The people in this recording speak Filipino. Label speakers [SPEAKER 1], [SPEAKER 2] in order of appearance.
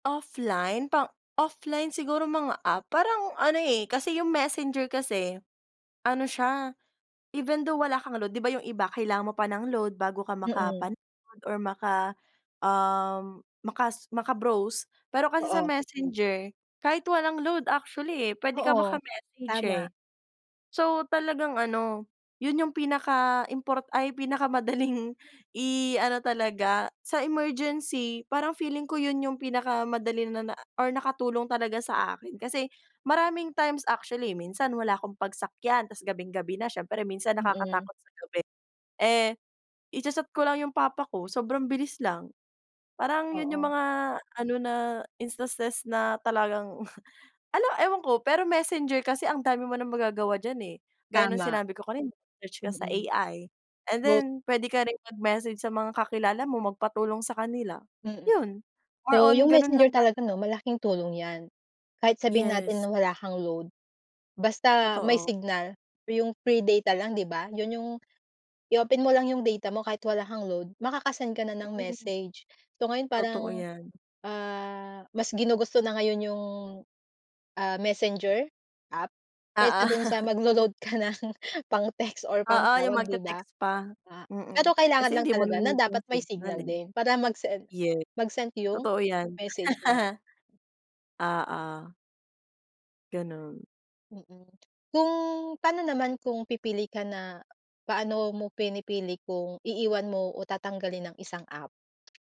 [SPEAKER 1] Offline pang offline siguro mga app parang ano eh, kasi yung Messenger kasi, ano siya, even though wala kang load, 'di ba yung iba kailangan mo pa ng load bago ka
[SPEAKER 2] Mm.
[SPEAKER 1] makapan or maka um, makas maka-browse pero kasi sa
[SPEAKER 2] Oo.
[SPEAKER 1] Messenger, kahit walang load actually eh, puwede ka
[SPEAKER 2] Oo,
[SPEAKER 1] maka-message eh.
[SPEAKER 2] tama.
[SPEAKER 1] So talagang ano, yun yung pinaka-import ay pinakamadaling i-ano talaga sa emergency parang feeling ko yun yung pinakamadali na na or nakatulong talaga sa akin kasi maraming times actually eh, minsan wala akong pagsakyan tapos gabing-gabi na siyempre minsan
[SPEAKER 2] Mm.
[SPEAKER 1] nakakatakot sa gabi, eh icha-chat ko lang yung papa ko sobrang bilis lang, parang yun yung
[SPEAKER 2] Oo.
[SPEAKER 1] mga ano na instances na talagang ano ewan ko pero Messenger kasi ang dami mo ng magagawa diyan eh, gaya ng
[SPEAKER 2] Tama.
[SPEAKER 1] sinabi ko kanina search ka sa
[SPEAKER 2] Mm.
[SPEAKER 1] AI and
[SPEAKER 2] Both.
[SPEAKER 1] then puwede ka rin mag-message sa mga kakilala mo magpatulong sa kanila,
[SPEAKER 2] Mm.
[SPEAKER 1] yun, more
[SPEAKER 2] So
[SPEAKER 1] on
[SPEAKER 2] yung
[SPEAKER 1] ganun lang
[SPEAKER 2] Messenger talaga
[SPEAKER 1] talaga.
[SPEAKER 2] 'no malaking tulong iyan. Kahit sabihin natin
[SPEAKER 1] Yes.
[SPEAKER 2] na wala kang load, basta may
[SPEAKER 1] Totoo.
[SPEAKER 2] signal, iyong free data lang 'di ba? Yun yung, i-open mo lang iyong data mo kahit wala kang load, makaka-send ka na ng message, so ngayon parang,
[SPEAKER 1] Totoo yan.
[SPEAKER 2] ah, mas ginugusto na ngayon yung, ah, Messenger app
[SPEAKER 1] Oo.
[SPEAKER 2] kaysa dun sa maglo-load ka ng pang-text or
[SPEAKER 1] Oo, yung
[SPEAKER 2] pang-tawag 'di ba?
[SPEAKER 1] magte-text pa,
[SPEAKER 2] A pero
[SPEAKER 1] mm,
[SPEAKER 2] kailangan
[SPEAKER 1] kasi
[SPEAKER 2] lang
[SPEAKER 1] hindi mo
[SPEAKER 2] talaga na
[SPEAKER 1] narinig yung
[SPEAKER 2] dapat may
[SPEAKER 1] signal
[SPEAKER 2] signal
[SPEAKER 1] eh.
[SPEAKER 2] din para mag-send,
[SPEAKER 1] Yes.
[SPEAKER 2] magsent yung
[SPEAKER 1] Totoo iyan.
[SPEAKER 2] message mo.
[SPEAKER 1] Oo. Ganun.
[SPEAKER 2] Mm. Kung paano naman kung pipili ka na paano mo pinipili kung iiwan mo o tatanggalin ang isang app?